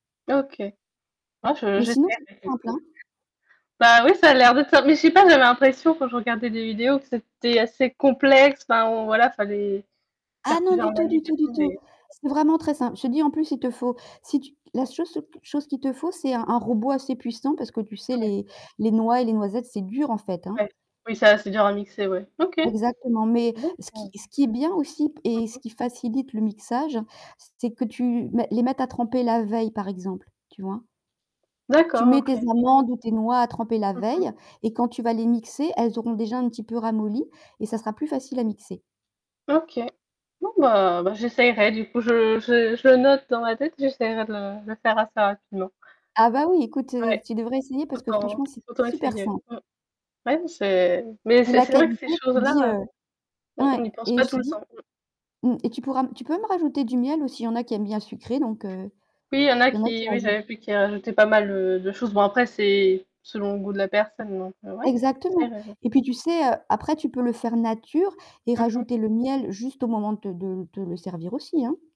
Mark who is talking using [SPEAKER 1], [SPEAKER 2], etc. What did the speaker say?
[SPEAKER 1] OK. Moi,
[SPEAKER 2] Mais
[SPEAKER 1] je,.
[SPEAKER 2] sinon c'est plus simple, hein.
[SPEAKER 1] [unintelligible] Bah, oui, ça a l'air de te faire mais je sais pas, j'avais l'impression, quand je regardais des vidéos, que c'était assez complexe, enfin on voilà, fallait
[SPEAKER 2] Ah
[SPEAKER 1] faire
[SPEAKER 2] non,
[SPEAKER 1] plusieurs
[SPEAKER 2] du tout,
[SPEAKER 1] manip
[SPEAKER 2] du
[SPEAKER 1] et
[SPEAKER 2] tout, du
[SPEAKER 1] tout,
[SPEAKER 2] tout.
[SPEAKER 1] mais
[SPEAKER 2] C'est vraiment très simple, je te dis en plus il te faut si tu la seul so q chose qu'il te faut, c'est un un robot assez puissant parce que tu sais,
[SPEAKER 1] Ouais.
[SPEAKER 2] les les noix et les noisettes c'est dur, en fait, hein.
[SPEAKER 1] Ouais, oui, c'est assez dur à mixer, ouais. OK..
[SPEAKER 2] Exactement, mais, ce qui
[SPEAKER 1] [unintelligible]
[SPEAKER 2] ce qui est bien, aussi p
[SPEAKER 1] Mmh
[SPEAKER 2] et ce
[SPEAKER 1] mh.
[SPEAKER 2] qui facilite le mixage, c c'est que tu mets les mettre à tremper la veille, par exemple. Tu vois? Tu
[SPEAKER 1] D'accord,
[SPEAKER 2] mets tes
[SPEAKER 1] OK.
[SPEAKER 2] amandes ou tes noix à tremper la
[SPEAKER 1] Mmh mh.
[SPEAKER 2] veille et quand tu vas les mixer, elles auront déjà un petit peu ramolli et ça sera plus facile à mixer.
[SPEAKER 1] OK. Non, bah bah, j'essayerai, du coup, je je je le note dans ma tête, j'essaierai de le le faire assez rapidement.
[SPEAKER 2] Ah bah oui, écoute, heu,
[SPEAKER 1] Ouais,
[SPEAKER 2] tu devrais essayer parce que
[SPEAKER 1] autant
[SPEAKER 2] franchement, c'est
[SPEAKER 1] autant
[SPEAKER 2] super
[SPEAKER 1] essayer,
[SPEAKER 2] simple.
[SPEAKER 1] mmh. Ouais, n c'est mais
[SPEAKER 2] Mais
[SPEAKER 1] c'est
[SPEAKER 2] la
[SPEAKER 1] c'est vrai que
[SPEAKER 2] qualité,
[SPEAKER 1] ces
[SPEAKER 2] je te dis
[SPEAKER 1] choses-là, heu,
[SPEAKER 2] heu
[SPEAKER 1] on on
[SPEAKER 2] ouais.
[SPEAKER 1] n'y pense
[SPEAKER 2] Et
[SPEAKER 1] pas
[SPEAKER 2] je
[SPEAKER 1] tout
[SPEAKER 2] te
[SPEAKER 1] le temps,
[SPEAKER 2] dis
[SPEAKER 1] mmh.
[SPEAKER 2] mmh, et tu pourras m tu peux même rajouter du miel, aussi, il y en a qui aiment bien sucré donc heu,
[SPEAKER 1] Oui, il y en a
[SPEAKER 2] il y en a qui
[SPEAKER 1] qui oui,
[SPEAKER 2] rajoutent
[SPEAKER 1] j'avais vu qu'ils rajoutaient pas mal heu, de choses. Bon après c'est selon le goût de la personne, donc heu, ouais.
[SPEAKER 2] Exactement,
[SPEAKER 1] C'est vrai, ouais.
[SPEAKER 2] et puis tu sais, heu, après tu peux le faire nature et
[SPEAKER 1] Mmh mh.
[SPEAKER 2] rajouter le miel juste au moment te de te l te le servir, aussi, hein.